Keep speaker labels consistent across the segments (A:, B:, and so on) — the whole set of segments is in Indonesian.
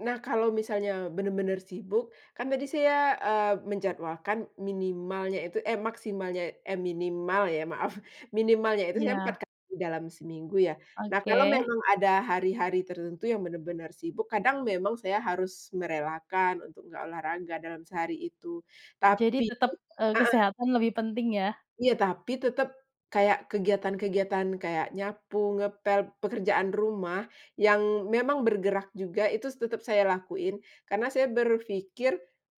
A: Nah, kalau misalnya bener-bener sibuk, kan tadi saya, eee, menjadwalkan minimalnya itu eh maksimalnya eh minimal ya maaf, minimalnya itu saya
B: Iya.
A: 4 kali dalam seminggu ya. Nah kalau
B: Oke.
A: memang ada hari-hari tertentu yang bener-bener sibuk, kadang saya memang harus merelakan untuk nggak olahraga dalam sehari itu
B: Jadi
A: tapi
B: tetep, eee,
A: heeh.
B: kesehatan lebih penting ya.
A: Iya, tapi tetep kayak kegiatan-kegiatan, kayak nyapu, ngepel, pekerjaan rumah, yang memang bergerak juga itu tetep saya lakuin karena saya berpikir,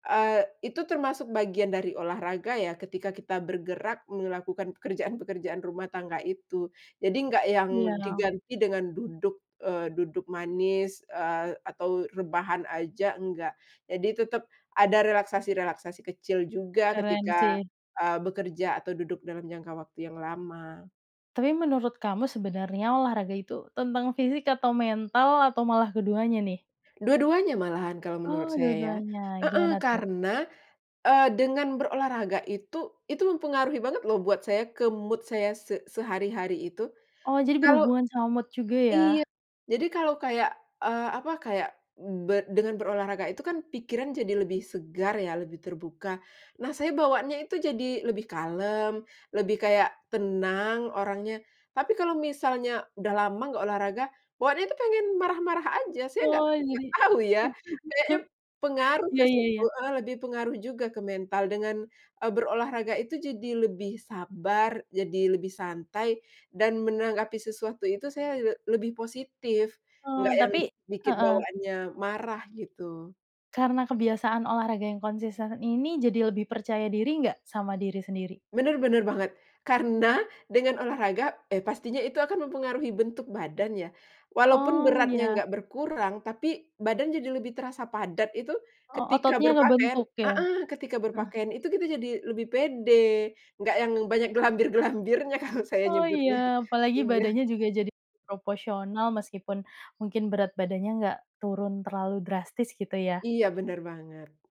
A: eee, itu termasuk bagian dari olahraga ya, ketika kita bergerak melakukan pekerjaan-pekerjaan rumah tangga itu. Jadi nggak yang
B: Iya dong.
A: diganti dengan duduk, eee, duduk manis, eee, atau rebahan aja, enggak, jadi tetep ada relaksasi-relaksasi kecil juga
B: Keren
A: ketika,
B: sih.
A: eee, bekerja atau duduk dalam jangka waktu yang lama.
B: Tapi menurut kamu sebenarnya olahraga itu tentang fisik atau mental atau malah keduanya nih?
A: Dua-duanya malahan kalau
B: Oh,
A: menurut saya,
B: dua-duanya,
A: heeh,
B: gimana tuh?
A: karena, eee, dengan berolahraga itu itu mempengaruhi banget loh buat saya, ke mood saya se sehari-hari itu.
B: Oh, jadi
A: Kalau
B: berhubungan sama mood juga ya?
A: iya, jadi kalau kayak, eee, apa kayak be dengan berolahraga itu kan pikiran jadi lebih segar ya, lebih terbuka. Nah saya bawaanya itu jadi lebih kalem, lebih kayak tenang orangnya, tapi kalau misalnya udah lama nggak olahraga, bawaannya tuh pengen marah-marah aja, saya nggak
B: Oh
A: nggak
B: jadi
A: tahu ya. Kayaknya pengaruh ke
B: Ya ya
A: situ,
B: ya.
A: eee, lebih pengaruh juga ke mental dengan, eee, berolahraga itu jadi lebih sabar, jadi lebih santai dan menanggapi sesuatu itu saya le lebih positif, nggak
B: Eee,
A: yang
B: tapi
A: bi bikin
B: heeh.
A: bawaannya marah gitu.
B: Karena kebiasaan olahraga yang konsisten ini, jadi lebih percaya diri nggak sama diri sendiri?
A: Bener bener banget. Karena dengan olahraga, eee, pastinya itu akan mempengaruhi bentuk badan ya, walaupun
B: Oh,
A: beratnya
B: ya.
A: gak berkurang tapi badan jadi lebih terasa padat itu
B: O
A: ketika
B: ototnya
A: berpakaian
B: ngebentuk ya?
A: heeh, ketika
B: Heeh.
A: berpakaian itu kita jadi lebih pede. Nggak yang banyak glambir-glambirnya kalau saya
B: Oh
A: nyebutnya.
B: ya, apalagi
A: Iya.
B: badannya juga jadi proporsional meskipun mungkin berat badannya enggak turun terlalu drastis gitu ya.
A: Iya bener banget.